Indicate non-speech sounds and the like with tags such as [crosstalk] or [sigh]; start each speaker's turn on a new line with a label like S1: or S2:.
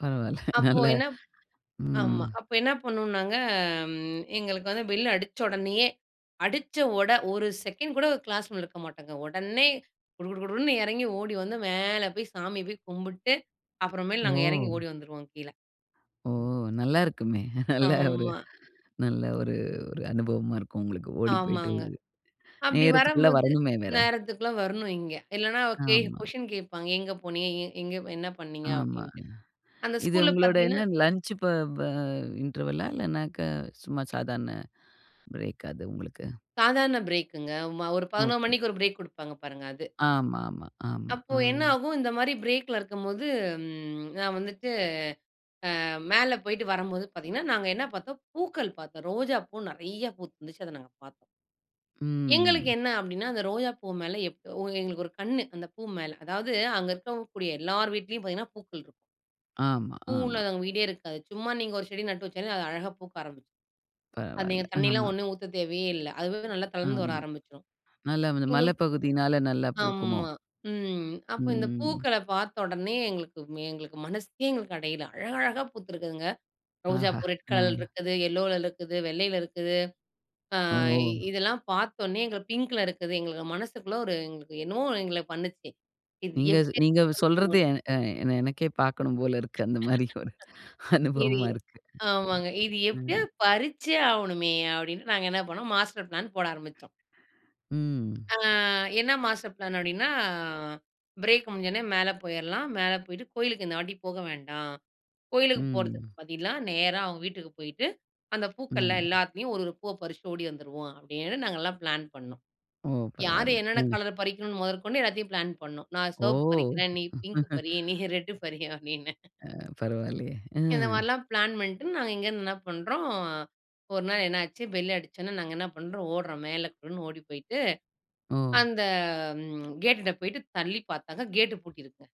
S1: பரவால்ல. [laughs]
S2: அப்போ
S1: நல்ல
S2: என்ன ஆமா.
S1: ம்.
S2: அப்போ என்ன பண்ணோனாங்க? ம் எங்களுக்கு பெல் அடிச்ச உடனே, அடிச்ச உட ஒரு செகண்ட் கூட க்ளாஸ் இருக்க மாட்டாங்க. உடனே குடுகுடுன்னு இறங்கி ஓடி வந்து மேல போய்ச் சாமிய போய் கும்பிட்டு, அப்புறம் மேல் நாங்க இறங்கி
S1: ஓ!
S2: ஓடி வந்துருவோம் கீழ.
S1: ஓ! நல்லா இருக்குமே. நல்ல ஒரு
S2: ஆமா.
S1: நல்ல ஒரு ஒரு அனுபவமா இருக்கும் உங்களுக்கு ஓடிப் போயிட்டு.
S2: ஆமாங்க. அப்படி
S1: நேரத்துக்குள்ள
S2: வரும்போது,
S1: வரணும்மே வேற.
S2: நேரத்துக்குள்ள வரணும் இங்க. இல்லனா கே
S1: ஆமா.
S2: கொஸ்ஷின் கேப்பாங்க. எங்க போனீங்க? எ எங்க என்ன பண்ணீங்க
S1: ஆமா.
S2: அப்படின்டு. அந்த
S1: இது
S2: ஸ்கூல்ல
S1: உங்களோட
S2: பாத்தீங்கன்னா
S1: என்ன லஞ்ச் ப வ இண்டர்வல்லா, இல்லன்னக்கா சும்மா சாதாரண ப்ரேக்கா அது உங்களுக்கு?
S2: சாதாரண ப்ரேக்குங்க. ம ஒரு 11:00
S1: ஓகே.
S2: மணிக்கு ஒரு ப்ரெக் குடுப்பாங்க பாருங்க, அது.
S1: ஆமாமா, ஆமா.
S2: அப்போ
S1: அ.
S2: என்ன ஆகும்? இந்த மாதிரி ப்ரேக்ல இருக்கும்போது, ம் நான் வந்துட்டு, அ மேல போயிட்டு வரும்போது பாத்தீங்கன்னா, நாங்க என்ன பாத்தோம். பூக்கள் பாத்தோம். ரோஜாப்பூ நிறைய பூத்து இருந்துச்சு. அத நாங்க பாத்தோம்.
S1: ம்.
S2: எங்களுக்கு
S1: ம்.
S2: என்ன அப்படின்னா, அந்த ரோஜா பூ மேல எப் ஒ எங்களுக்கு ஒரு கண்ணு, அந்த பூ மேல. அதாவது அங்க இருக்கக்கூடிய எல்லார்வீட்லயும் பாத்தீங்கன்னா, பூக்கள் இருக்கும்
S1: ஆமா,
S2: பூ
S1: ஆமா.
S2: இல்லாதவங்க வீடே இருக்காது. சும்மா நீங்க ஒரு செடி நட்டு வெச்சாலே அழகா பூக்க ஆரம்பிச்சுரும். அது
S1: பரவால்ல.
S2: நீங்கத் தண்ணி எல்லாம்
S1: ஆமா.
S2: ஒன்னும் ஊத்த தேவையே இல்ல. அதுவாவே நல்லா தளர்ந்து வர
S1: ஆமா.
S2: ஆரம்பிச்சுரும்.
S1: நல்லா வந்து
S2: எங்களுக்கு
S1: மலைப்பகுதினால நல்லா பூக்குமோ?
S2: ஆமா. ம் அப்போ இந்தப்
S1: ம்.
S2: பூக்கள பாத்த உடனே எங்களுக்கு எங்களுக்கு மனசு எங்களுக்கு அடையல. அழகழகா பூத்து இருக்குதுங்க.
S1: ஆஹா!
S2: ரோஜாப்பூ ரெட்
S1: அ.
S2: கலர் இருக்குது. எல்லோல இருக்குது. வெள்ளையில இருக்குது. அ,
S1: ஓ!
S2: இ இதெல்லாம் பாத்த உடனே எங்களுக்கு பிங்க் இருக்குது. எங்களுக்கு மனசுக்குள்ள ஒரு எங்களுக்கு என்னமோ எங்கள பண்ணுச்சு. இது
S1: நீங்க
S2: எப்படி
S1: நீங்க சொல்றது,
S2: [unintelligible]
S1: எ எ எனக்கே பார்க்கணும் போல இருக்கு.
S2: [laughs]
S1: அந்த மாதிரி ஒரு அனுபவமா
S2: இதயே.
S1: இருக்கு.
S2: ஆமாங்க. இது
S1: அ.
S2: எப்படியோ பறிச்சு ஆவனுமே அப்படின்னு, நாங்க என்ன பண்ணோம். மாஸ்டர் ப்ளான் போட ஆரம்பிச்சோம்.
S1: ம்.
S2: அ, என்ன மாஸ்டர் ப்ளான் அப்படின்னா. "ப்ரேக் முடிஞ்சோன மேல போயிரலாம். மேல போயிட்டு கோயிலுக்கு இந்த வாட்டிப் போக வேண்டாம். கோயிலுக்குப்
S1: ம்.
S2: போறதுக்கு பதிலா, நேரா அவங்க வீட்டுக்குப் போயிட்டு, அந்தப் பூக்கள்ல
S1: ம்.
S2: எல்லாத்துலயும் ஒரு ஒரு பூவ பறிச்சுட்டு ஓடி வந்துருவோம்" அப்படின்னு நாங்க எல்லாம் ப்ளான் பண்ணோம்.
S1: ஓ.
S2: யாரு
S1: பரவால்ல.
S2: என்னன்ன
S1: அ.
S2: கலர் பறிக்கனும்னு முதற்கொண்டு எல்லாத்தையும் ப்ளான் பண்ணோம். "நான்
S1: ஓ!
S2: சிவப்பு பறிக்கிறேன். நீ பிங்க் பறி, நீ
S1: [laughs]
S2: ரெட் பறி" அப்படின்னு
S1: அ. பரவால்லயே. அ.
S2: இந்த மாரிலாம் ப்ளான் பண்ணிட்டு நாங்க இங்கருந்து என்ன பண்றோம் ஒரு நாள் என்னாச்சு? பெல் அடிச்ச உடனே, நாங்க என்ன பண்றோம். ஒடுறோம். மேல குடுகுடுன்னு ஓடிப் போயிட்டு,
S1: ஓ.
S2: அந்த ம் கேட்டுட்ட போயிட்டு தள்ளிப் பாத்தாங்க. கேட் பூட்டி இருக்குங்க.